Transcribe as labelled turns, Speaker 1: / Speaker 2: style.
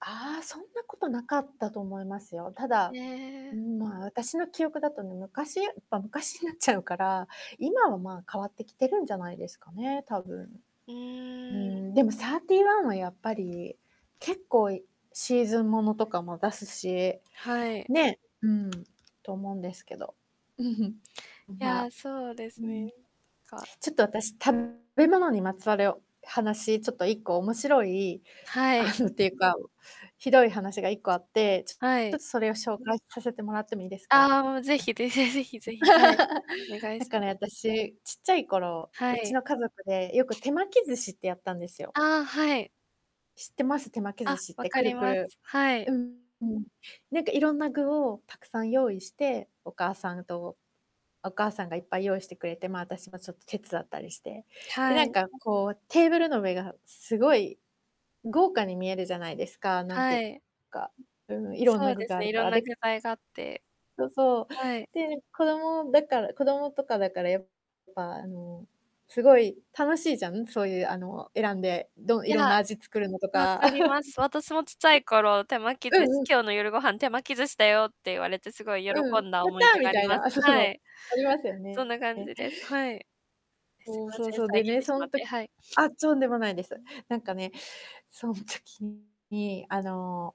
Speaker 1: ああ、そんなことなかったと思いますよ。た
Speaker 2: へ
Speaker 1: だ、う
Speaker 2: え。
Speaker 1: ん、まあ、私の記憶だとね、昔やっぱ昔になっちゃうから、今はまあ、変わってきてるんじゃないですかね、多分。
Speaker 2: う
Speaker 1: うー
Speaker 2: ーん。
Speaker 1: ん、でもサーティーワンはやっぱり結構シーズンものとかも出すし、
Speaker 2: はい。
Speaker 1: ね、うん、と思うんですけど。
Speaker 2: い
Speaker 1: ま
Speaker 2: や、そうで
Speaker 1: う
Speaker 2: すね、
Speaker 1: ん。
Speaker 2: か
Speaker 1: ちょっと私、食べ物にまつわる話、ちょっと1個面白い
Speaker 2: は
Speaker 1: あ
Speaker 2: い。
Speaker 1: の、っていうか、ひどい話が1個あって、ちょち
Speaker 2: は
Speaker 1: ょ
Speaker 2: い。
Speaker 1: っとそれを紹介させてもらってもいいですか？
Speaker 2: ああ、もう是非、ぜぜ是非是非、はい、お願 い
Speaker 1: だ
Speaker 2: しま
Speaker 1: か
Speaker 2: す。
Speaker 1: ら、あたし、ちっちゃい頃、
Speaker 2: は
Speaker 1: うち
Speaker 2: い。
Speaker 1: の家族でよく手巻き寿司ってやったんですよ。
Speaker 2: ああ、はい。
Speaker 1: 知ってます？手巻き寿
Speaker 2: あ、
Speaker 1: 司っ
Speaker 2: 分
Speaker 1: て
Speaker 2: か
Speaker 1: く
Speaker 2: り
Speaker 1: るく
Speaker 2: ます。
Speaker 1: る
Speaker 2: はい。
Speaker 1: うんうん。なんか色んな具をたくさん用意して、お母さんとお母さんがいっぱい用意してくれて、まあ、私もちょっと手伝ったりして。で、
Speaker 2: は
Speaker 1: なん
Speaker 2: い。
Speaker 1: かこう、テーブルの上がすごい豪華に見えるじゃないですか、なんてい
Speaker 2: は
Speaker 1: う
Speaker 2: い。
Speaker 1: か、うん、色ん
Speaker 2: そ
Speaker 1: な
Speaker 2: う
Speaker 1: 具
Speaker 2: です
Speaker 1: があ
Speaker 2: ね、
Speaker 1: るか
Speaker 2: 色ん
Speaker 1: ら、
Speaker 2: な
Speaker 1: で
Speaker 2: 具材があって。
Speaker 1: そうそう。
Speaker 2: はい。
Speaker 1: で、子供だから子供とかだから、やっぱ、あの、すごい楽しいじゃん、そういうあの、選んで、どん
Speaker 2: い
Speaker 1: 色ん
Speaker 2: や。
Speaker 1: な味作るのと
Speaker 2: 分
Speaker 1: た。
Speaker 2: かりま す。私もちっちゃい頃、手巻き
Speaker 1: う
Speaker 2: 寿司
Speaker 1: んうん。
Speaker 2: 「今日の夜ご飯、手巻き寿司だよ」って言われて、すごい喜
Speaker 1: うん、
Speaker 2: んだ
Speaker 1: 「やっ
Speaker 2: 思い
Speaker 1: た！」
Speaker 2: 出が
Speaker 1: み
Speaker 2: あ
Speaker 1: た
Speaker 2: り
Speaker 1: い
Speaker 2: ま
Speaker 1: な。
Speaker 2: す。
Speaker 1: あ、そそ
Speaker 2: は
Speaker 1: の、
Speaker 2: い。
Speaker 1: ありますよ
Speaker 2: そん
Speaker 1: ね。
Speaker 2: な感じです。はい。あ、すい
Speaker 1: そう、
Speaker 2: ま
Speaker 1: そう
Speaker 2: せん、
Speaker 1: そう、
Speaker 2: 遮
Speaker 1: で
Speaker 2: っ
Speaker 1: ね、
Speaker 2: て
Speaker 1: そ
Speaker 2: しまっ
Speaker 1: んと
Speaker 2: て。はい。
Speaker 1: あ、とんでもないで
Speaker 2: う
Speaker 1: す。
Speaker 2: ん。
Speaker 1: なんかね、そん時に、あの